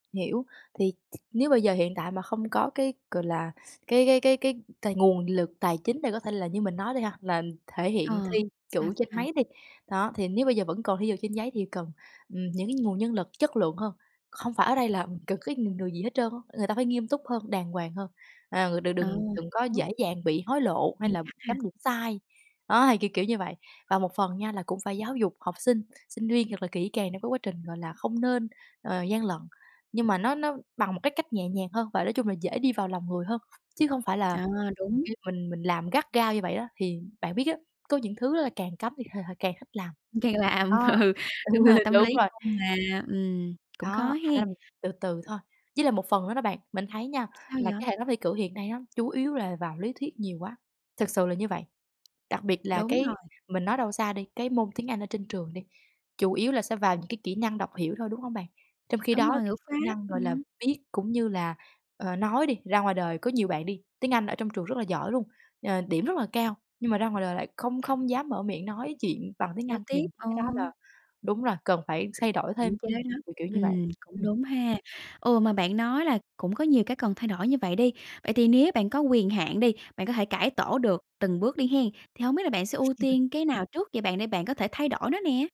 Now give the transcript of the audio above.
Hiểu, thì t nếu bây giờ hiện tại mà không có cái, gọi là, cái cái cái cái tài nguồn lực tài chính để có thể là, như mình nói đi ha, là thể hiện Ờ, thi sao, chữ trên sao? máy đi. Đó, thì nếu bây giờ vẫn còn thi ở trên giấy thì cần, ừm, những cái nguồn nhân lực chất lượng hơn. Không phải ở đây là cần cái người người gì hết trơn á, người ta phải nghiêm túc hơn, đàng hoàng hơn, à, người đừng Ờ, đừng đừng có hiểu. dễ dàng bị hối lộ hay Nghiêm là khắc ha. chấm điểm sai, đó, thì kiểu kiểu như vậy. Và một phần nha, là cũng phải giáo dục học sinh sinh viên thật là kỹ càng để cái quá trình, gọi là, không nên, ờ, gian lận, nhưng mà nó nó bằng một cái cách nhẹ nhàng hơn và nói chung là dễ đi vào lòng người hơn, chứ hông phải là À, đúng. [unintelligible] mình mình làm gắt gao như vậy đó, thì bạn biết á, có những thứ đó là càng cấm thì h h càng thích làm. Càng làm Đó, ừ, đúng rồi, tâm đúng lý rồi. chung mà, ừm, cũng khó Đó, thành ra hén. là mình từ từ thôi. Với lại một phần nữa đó bạn, mình thấy nha, Sao là vậy? cái hệ thống thi cử hiện nay nó chủ yếu là vào lý thuyết nhiều quá, thực sự là như vậy. Đặc biệt là Đúng cái rồi. mình nói đâu xa đi, cái môn tiếng Anh ở trên trường đi, chủ yếu là sẽ vào những cái kỹ năng đọc hiểu thôi, đúng hông bạn? Trong khi Đúng đó rồi, thì ngữ pháp, kỹ năng, gọi là, ừm. viết cũng như là, ờ, nói đi, ra ngoài đời có nhiều bạn đi, tiếng Anh ở trong trường rất là giỏi luôn, ờ, điểm rất là cao, nhưng mà ra ngoài đời lại không không dám mở miệng nói chuyện bằng tiếng Giao Anh thì tiếp. Ờ. cái đó là đúng rồi, cần phải thay đổi Hạn thêm, chế đó, kiểu kiểu như vậy. ừm, cũng Ừm. đúng ha. Ừ, mà bạn nói là cũng có nhiều cái cần thay đổi như vậy đi. Vậy thì nếu bạn có quyền hạn đi, bạn có thể cải tổ được từng bước đi hén, thì hổng biết là bạn sẽ ưu tiên cái nào trước vậy bạn, để bạn có thể thay đổi nó nè?